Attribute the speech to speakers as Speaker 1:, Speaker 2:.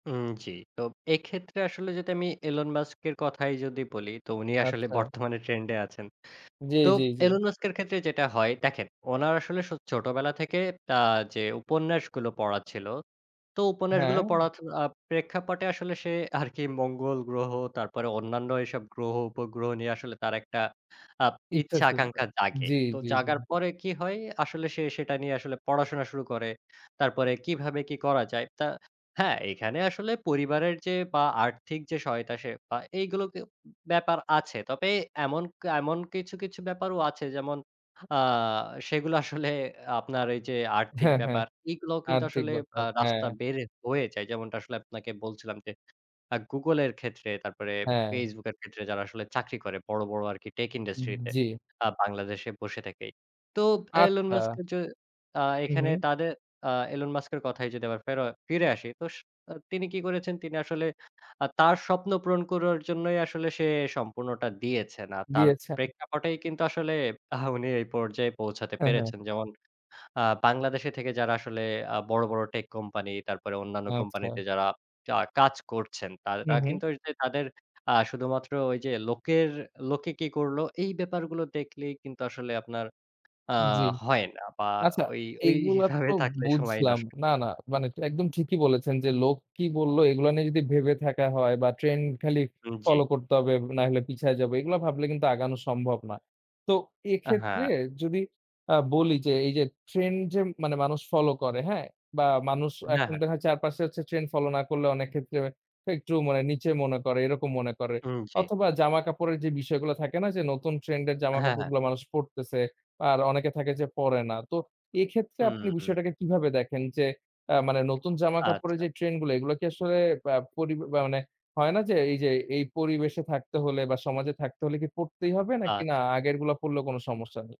Speaker 1: হুম, জ্বি। তো এক্ষেত্রে আসলে যদি আমি এলন মাস্কের কথাই যদি বলি, তো উনি আসলে
Speaker 2: আচ্ছা।
Speaker 1: বর্তমানে ট্রেন্ডে আছেন।
Speaker 2: জ্বি,
Speaker 1: তো
Speaker 2: জ্বি, জ্বি।
Speaker 1: এলন মাস্কের ক্ষেত্রে যেটা হয় দেখেন, উনার আসলে সো ছোটবেলা থেকে আ যে উপন্যাসগুলো পড়া ছিল, তো উপন্যাসগুলো
Speaker 2: হ্যাঁ।
Speaker 1: পড়া ত আ প্রেক্ষাপটে আসলে সে আরকি মঙ্গল গ্রহ, তারপরে অন্যান্য এসব গ্রহ-উপগ্রহ নিয়ে আসলে তার একটা আব
Speaker 2: ইচ্ছা
Speaker 1: ইচ্ছা
Speaker 2: ছিল।
Speaker 1: আকাঙ্ক্ষা জাগে।
Speaker 2: জ্বি,
Speaker 1: তো
Speaker 2: জ্বি,
Speaker 1: জাগার
Speaker 2: জ্বি।
Speaker 1: পরে কি হয়? আসলে সে সেটা নিয়ে আসলে পড়াশোনা শুরু করে। তারপরে কিভাবে কি করা যায়? তা হ্যাঁ, এখানে আসলে পরিবারের যে বা আর্থিক যে সহায়তা সে পায়, এগুলো কেও ব্যাপার আছে। তবে এমন, কা এমন কিছু, কিছু ব্যাপারও আছে, যেমন আ সেগুলো আসলে আপনার এই যে আর্থিক
Speaker 2: হ্যাঁ, হ্যাঁ।
Speaker 1: ব্যাপার। এগুলোও কিন্তু
Speaker 2: আর্থিক
Speaker 1: আসলে আ
Speaker 2: ব্যাপার, হ্যাঁ।
Speaker 1: রাস্তা বের হয়ে যায়। যেমনটা আসলে আপনাকে বলছিলাম যে, আ Google এর ক্ষেত্রে, তারপরে
Speaker 2: হ্যাঁ।
Speaker 1: Facebook এর ক্ষেত্রে, যারা আসলে চাকরি করে বড়, বড় আরকি টেক ইন্ডাস্ট্রিতে,
Speaker 2: জ্বি।
Speaker 1: আ বাংলাদেশে বসে থেকেই। তো এলন মাস্ক
Speaker 2: আচ্ছা।
Speaker 1: এ যে আ
Speaker 2: হু,
Speaker 1: এখানে
Speaker 2: হু।
Speaker 1: তাদের আ এলন মাস্কের কথায় যদি আবার ফের ফিরে আসি, তো স আ তিনি কি করেছেন? তিনি আসলে আ তার স্বপ্ন পূরণ করার জন্যই আসলে সে সম্পূর্ণটা দিয়েছেন। আর তার
Speaker 2: দিয়েছেন।
Speaker 1: প্রেক্ষাপটেই কিন্তু আসলে, আ উনি এই পর্যায়ে পৌঁছাতে
Speaker 2: হ্যাঁ, হ্যাঁ।
Speaker 1: পেরেছেন। যেমন আ বাংলাদেশে থেকে যারা আসলে আ বড়, বড় টেক কোম্পানি, তারপরে অন্যান্য কোম্পানিতে
Speaker 2: আচ্ছা।
Speaker 1: যারা আ কাজ করছেন,
Speaker 2: হু,
Speaker 1: তারা
Speaker 2: হু।
Speaker 1: কিন্তু তাদের আ শুধুমাত্র ওই যে লোকের লোকে কি করল? এই ব্যাপারগুলো দেখলেই কিন্তু আসলে আপনার আ
Speaker 2: জ্বি।
Speaker 1: হয় না বা
Speaker 2: আচ্ছা,
Speaker 1: ওই,
Speaker 2: এগুলা
Speaker 1: ওইভাবে
Speaker 2: তো
Speaker 1: থাকলে সময়
Speaker 2: বুঝলাম।
Speaker 1: নষ্ট।
Speaker 2: না, না মানে ট একদম ঠিকই বলেছেন যে, লোক কি বললো? এগুলো নিয়ে যদি ভেবে থাকা হয় বা "ট্রেন্ড খালি
Speaker 1: উম জ্বি।
Speaker 2: ফলো করতে হবে, নাহলে পিছিয়ে যাবো।" এগুলা ভাবলে কিন্তু আগানো সম্ভব না। তো
Speaker 1: আ
Speaker 2: এক্ষেত্রে
Speaker 1: হ্যাঁ।
Speaker 2: যদি আ বলি যে এই যে, ট্রেন্ড যে মানে মানুষ ফলো করে হ্যাঁ? বা মানুষ
Speaker 1: হ্যাঁ,
Speaker 2: এখন
Speaker 1: হ্যাঁ।
Speaker 2: দেখায় চারপাশে হচ্ছে ট্রেন্ড ফলো না করলে, অনেক ক্ষেত্রে একটু মানে নিচে মনে করে, এরকম মনে করে।
Speaker 1: হুম, জ্বি।
Speaker 2: অথবা জামাকাপড়ের যে বিষয়গুলো থাকে না যে, নতুন ট্রেন্ড এর
Speaker 1: হ্যাঁ, হ্যাঁ।
Speaker 2: জামাকাপড়গুলো মানুষ পড়তেছে, আর অনেকে থাকে যে পড়ে না। তো এক্ষেত্রে
Speaker 1: হু,
Speaker 2: আপনি
Speaker 1: হু।
Speaker 2: বিষয়টাকে কিভাবে দেখেন যে, আ মানে নতুন জামাকাপড়ের
Speaker 1: আচ্ছা।
Speaker 2: যে ট্রেন্ডগুলা, এগুলা কি আসলে আ পরি বা মানে হয় না যে, এই যে এই পরিবেশে থাকতে হলে বা সমাজে থাকতে হলে কি, পড়তেই হবে নাকি না,
Speaker 1: আচ্ছা।
Speaker 2: আগেরগুলা পড়লেও কোন সমস্যা নেই?